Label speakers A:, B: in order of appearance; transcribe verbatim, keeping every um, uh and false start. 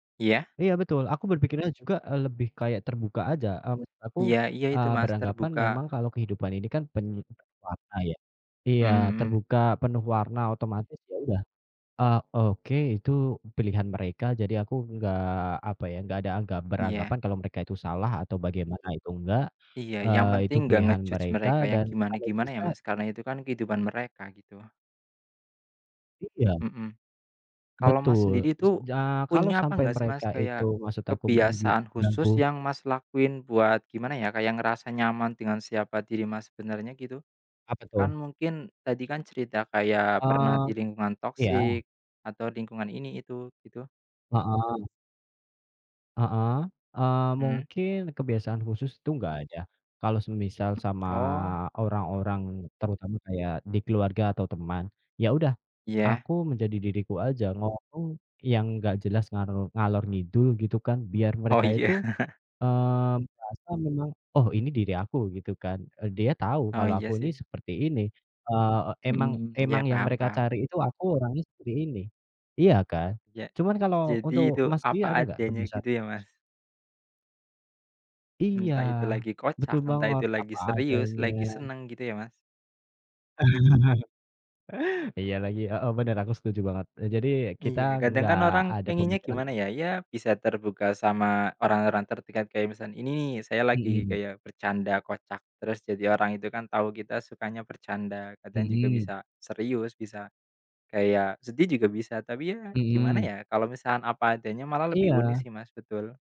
A: Iya.
B: Iya betul, aku berpikirnya juga, eee, lebih kayak terbuka aja, eee, maksud aku,
A: Iya iya itu
B: eee,
A: Mas,
B: beranggapan
A: terbuka.
B: memang kalau kehidupan ini kan [unintelligible] warna ya.
A: Mhm
B: Iya,
A: mhm.
B: terbuka, penuh warna, otomatis ya udah, eee, oke, itu pilihan mereka jadi aku enggak apa ya, enggak ada anggap
A: Iya.
B: beranggapan kalau mereka itu salah atau bagaimana, itu enggak.
A: Iya, yang
B: Eee, itu
A: penting nggak
B: pilihan
A: nge-judge
B: mereka
A: mereka yang
B: dan kalau
A: gimana-gimana ya,
B: bisa
A: Mas. Karena itu kan kehidupan mereka, gitu.
B: Iya.
A: Mhm. Kalau Mas
B: Betul,
A: sendiri
B: s
A: tuh,
B: ja kalau
A: punya apa
B: sampai
A: nggak sih
B: mereka
A: Mas,
B: itu
A: kayak,
B: maksud aku mungkin
A: kebiasaan
B: mengganggu
A: khusus yang Mas lakuin buat gimana ya, kayak ngerasa nyaman dengan siapa diri Mas sebenarnya, gitu?
B: Apa tuh?
A: Kan mungkin, tadi kan cerita kayak pernah di
B: Eee,
A: lingkungan
B: iya.
A: toxic, atau lingkungan ini itu, gitu.
B: Heeh. Heeh, eee,
A: Hmm.
B: mungkin kebiasaan khusus tuh enggak ada. Kalau semisal sama
A: Oh.
B: orang-orang terutama kayak di keluarga atau teman, ya udah,
A: Iya.
B: aku menjadi diriku aja. Ngomong yang nggak jelas ngarol ngalor-ngidul gitu kan, biar
A: Oh,
B: mereka
A: iya.
B: itu, eee merasa memang, oh ini diri aku, gitu kan, eee, dia tahu
A: Oh,
B: kalau aku
A: iya
B: ini
A: sih.
B: seperti ini, eee,
A: Mhm
B: emang
A: mhm, iya,
B: emang yang mereka
A: paham-paham.
B: cari itu aku orangnya seperti ini. Iya kan?
A: Ya.
B: Cuman kalau untuk
A: Jadi itu
B: Mas sendiri
A: apa
B: ada nggak
A: adanya,
B: kebiasaan?
A: gitu ya Mas.
B: Iya,
A: Entah itu lagi
B: betul
A: kocak, entah
B: banget,
A: itu lagi
B: apa
A: serius,
B: adanya.
A: lagi senang gitu ya, Mas.
B: Iya lagi. Heeh, bener, aku setuju banget, e jadi kita
A: Iya, kadang
B: enggak
A: kan orang
B: ada
A: pengennya
B: pemikiran
A: gimana
B: tentang
A: ya? Ya, bisa terbuka sama orang-orang terdekat, kayak misan ini, saya lagi
B: Mhm.
A: kayak bercanda kocak, terus jadi orang itu kan tahu kita sukanya bercanda, kadang juga
B: Mhm.
A: bisa serius, bisa, kayak sedih juga bisa, tapi ya gimana
B: Mhm.
A: ya? Kalau misalkan apa adanya malah lebih unik
B: Iya.
A: sih, Mas, betul.